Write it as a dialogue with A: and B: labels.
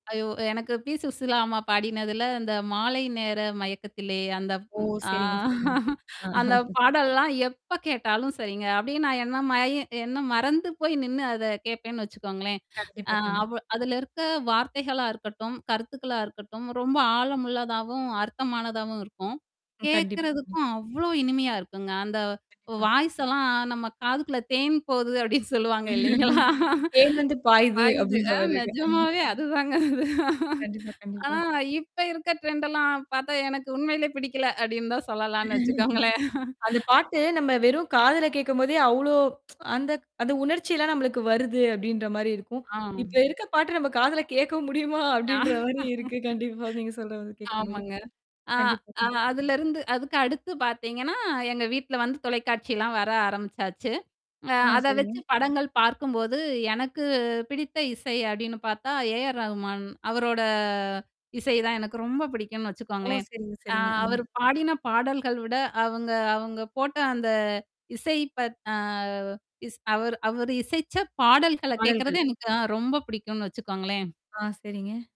A: ஐயோ! எனக்கு பீ சுசீலாம்மா பாடினதுல அந்த மாலை நேர மயக்கத்திலே அந்த
B: ஓ!
A: ம் ஆ
B: சரிங்க, சரிங்க.
A: அந்த பாடல்லாம் எப்ப கேட்டாலும் சரிங்க. அப்பிடியே நான் என்ன மய என்ன மறந்து போய் நின்னு அத கேட்பேன்னு வச்சுக்கோங்களேன். அ
B: கண்டிப்பா, கண்டிப்பா.
A: அவ அதுல இருக்க வார்த்தைகளா இருக்கட்டும், கருத்துக்களா இருக்கட்டும், ரொம்ப ஆழமுள்ளதாவும், அர்த்தமானதாவும் இருக்கும்.
B: ம். கண்டிப்பா. ம்.
A: கேட்கறதுக்கும் அவ்வளோ இனிமையா இருக்குங்க. அந்த
B: கண்டிப்பா.
A: வாய்ஸ்ஸெல்லாம் நம்ம காதுக்குள்ள தேன் போகுது அப்படின்னு சொல்லுவாங்க இல்லைங்களா?
B: .தேன் வந்து பாயுது
A: பாயுது அ
B: அப்டின்றமாரிருக்கா? அஹ
A: நிஜமாவே அதுதாங்க அது.
B: கண்டிப்பா,
A: ஆனா
B: கண்டிப்பா.
A: இப்ப இருக்க ட்ரெண்டெல்லாம் பார்த்தா எனக்கு உண்மையிலே பிடிக்கல, அப்படின்னு தான் சொல்லலான்னு வச்சுக்கோங்களேன்.
B: அந்த பாட்டு நம்ம வெறும் காதுல கேட்கும்போதே அவ்ளோ அந்த அந்த உணர்ச்சிலாம் நம்மளுக்கு வருது அப்ப்டின்ற மாரி இருக்கும்.
A: ஆ.
B: இப்ப இருக்க பாட்டு நம்ம காதுல கேட்கவும் முடியுமா?
A: ஆ.
B: அப்படின்ற மாரி இருக்கு. கண்டிப்பா, நீங்க சொல்றத கேட்கும்போது.
A: ஆமாங்க. ஆ
B: கண்டிப்பா.
A: அ
B: கண்டிப்
A: அதுலருந்து, அதுக்கு அடுத்து பார்த்தீங்கன்னா, எங்க வீட்ல வந்து தொலைக்காட்சிலாம் வர ஆரம்பிச்சாச்சு. அ
B: ஆ
A: அத வச்சு
B: சரிங்க.
A: படங்கள் பார்க்கும்போது, எனக்கு பிடித்த இசை அப்படின்னு பார்த்தா ஏ ஆர் ரகுமான். அவரோட இசை தான் எனக்கு ரொம்ப பிடிக்கும்ன்னு
B: ஓ!
A: வச்சுக்கோங்களேன்.
B: சரிங்க,
A: அ
B: சரிங்க. அ.
A: அவர் பாடின பாடல்கள் விட, அவங்க அவங்க போட்ட அந்த இசை பத் அ இஸ் அவரு அவரு இசைச்ச பாடல்கள
B: பாடல்கள்.
A: கேட்கறதே எனக்கு ஆ ரொம்ப பிடிக்கும்னு வச்சுக்கோங்களேன்.
B: ஆ சரிங்க.